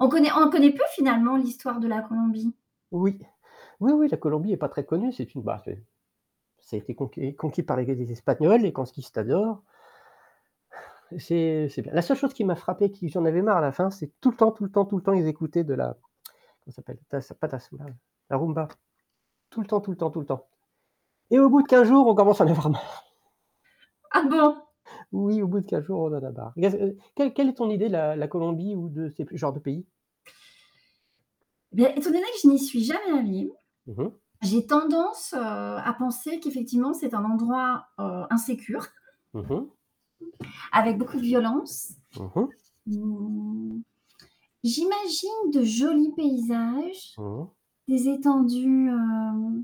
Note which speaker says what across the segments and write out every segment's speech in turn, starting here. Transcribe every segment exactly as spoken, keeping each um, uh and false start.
Speaker 1: On connaît on connaît peu, finalement, l'histoire de la Colombie.
Speaker 2: Oui. Oui, oui la Colombie est pas très connue, c'est une bah, c'est ça a été conqueris conquis par l'égalise espagnole, les consquistadors. C'est c'est bien. La seule chose qui m'a frappé, qui j'en avais marre à la fin, c'est tout le temps, tout le temps, tout le temps, ils écoutaient de la, comment s'appelle? Tas pas Tasoula, la Rumba. Tout le temps, tout le temps, tout le temps. Et au bout de quinze jours, on commence à en avoir marre.
Speaker 1: Ah bon!
Speaker 2: Oui, au bout de quinze jours, on en a marre. Il y a c heu. Quelle quelle est ton idée de la la Colombie ou de ces pu genres de pays?
Speaker 1: Bien étant donné que je n'y suis jamais allée,
Speaker 2: Mmh mh.
Speaker 1: j'ai tendance, heu, à penser qu'effectivement, c'est un endroit, heu, insécure
Speaker 2: Mmh mh.
Speaker 1: Avec beaucoup de violence
Speaker 2: Mmh mh.
Speaker 1: hem, j'imagine de jolis paysages,
Speaker 2: Mmh.
Speaker 1: des étendues, hem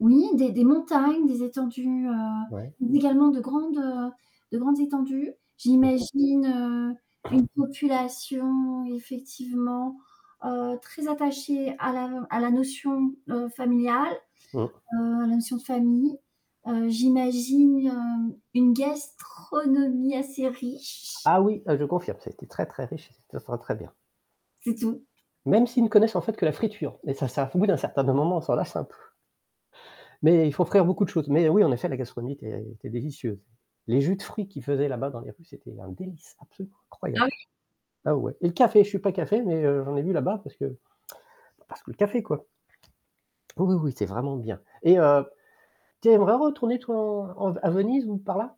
Speaker 1: oui, des des montagnes, des étendues, heu,
Speaker 2: Ouais.
Speaker 1: mais également de grandes, heu, de grandes étendues.
Speaker 2: Mmh mh.
Speaker 1: J'imagine, heu, une population effectivement, heu, très attachée à la à la notion, heu, familiale,
Speaker 2: Mmh.
Speaker 1: heu, à la notion de famille. Heu, j'imagine hem, une gastronomie assez riche.
Speaker 2: Ah oui, heu, je confirme, ça a été très, très riche et ce te sera très bien.
Speaker 1: C'est tout.
Speaker 2: Même s'ils ne connaissent, en fait, que la friture, mais ça, ça f au bout d'un certain me moment, on s'en lasse un peu. Mais ils font frire beaucoup de choses. Mais heu, oui, effet, la gastronomie, était était délicieuse. Les jus de fruits qu'ils faisaient là-bas dans les rues, c'était un délice, absolument
Speaker 1: Ah
Speaker 2: incroyable.
Speaker 1: oui?
Speaker 2: Ah ouais et le café, je suis pas café, mais heu, j'en ai bu là-bas parce que, bah, parce que le café, quoi. Oui, oui, oui, c'est vraiment bien. Et heu, t'aimerais retourner, toi, en en v à Venise ou par là?